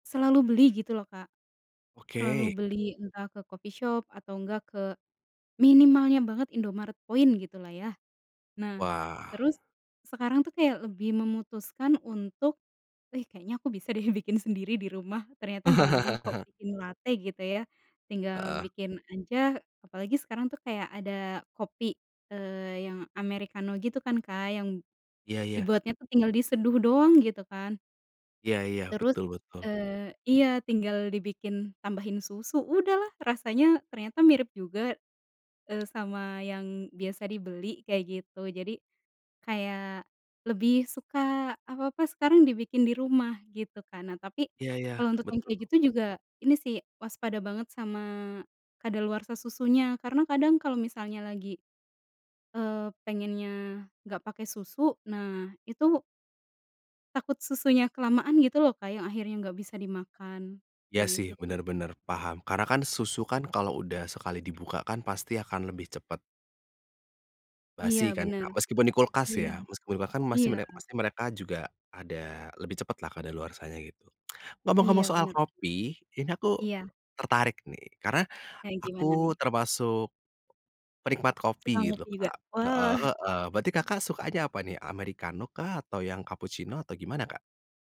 Selalu beli gitu loh, Kak. Selalu Oke. beli entah ke coffee shop atau enggak, ke minimalnya banget Indomaret Point gitu lah ya. Nah, Wah. terus sekarang tuh kayak lebih memutuskan untuk, "Ih, kayaknya aku bisa deh bikin sendiri di rumah." Ternyata gampang kok bikin late gitu ya, tinggal Heeh. bikin aja. Apalagi sekarang tuh kayak ada kopi, eee, yang amerikano gitu kan, Kak, yang Iya iya. dibuatnya tu, tinggal diseduh doang gitu kan. Iya iya. Terus, Betul betul. eee iya, tinggal dibikin, tambahin susu, udahlah. Rasanya ternyata mirip juga, eee, sama yang biasa dibeli, kayak gitu. Jadi kayak, lebih suka apa-apa sekarang dibikin di rumah gitu kan. Nah, tapi Iya iya. kalau untuk yang kayak Betul. gitu juga, ini sih, waspada banget sama kadaluarsa susunya. Karena kadang kalau misalnya lagi, eee, pengennya nggak pakai susu, nah itu takut susunya kelamaan gitu loh, Kak, yang akhirnya nggak bisa dimakan. Iya Nah, sih, itu bener tuh. bener, paham. Karena kan susu kan, kalau udah sekali dibuka kan, pasti akan lebih cepet Iya, basi, kan, bener. Kak? Meskipun di kulkas, Iya, ya. Meskipun di kulka kan masih iya. mere masih mereka juga ada, lebih cepet lah kadaluarsanya, gitu. Ngomong-ngomong Iya, soal bener. kopi, ini aku Iya. tertarik nih, karena, Kayak, gimana nih? aku termasuk penikmat Suka kopi gitu, ngopi juga, Kak. Heeh wah. heeh, berarti, Kakak sukanya apa nih? Amerikano kah, atau yang kapucino, atau gimana, Kak?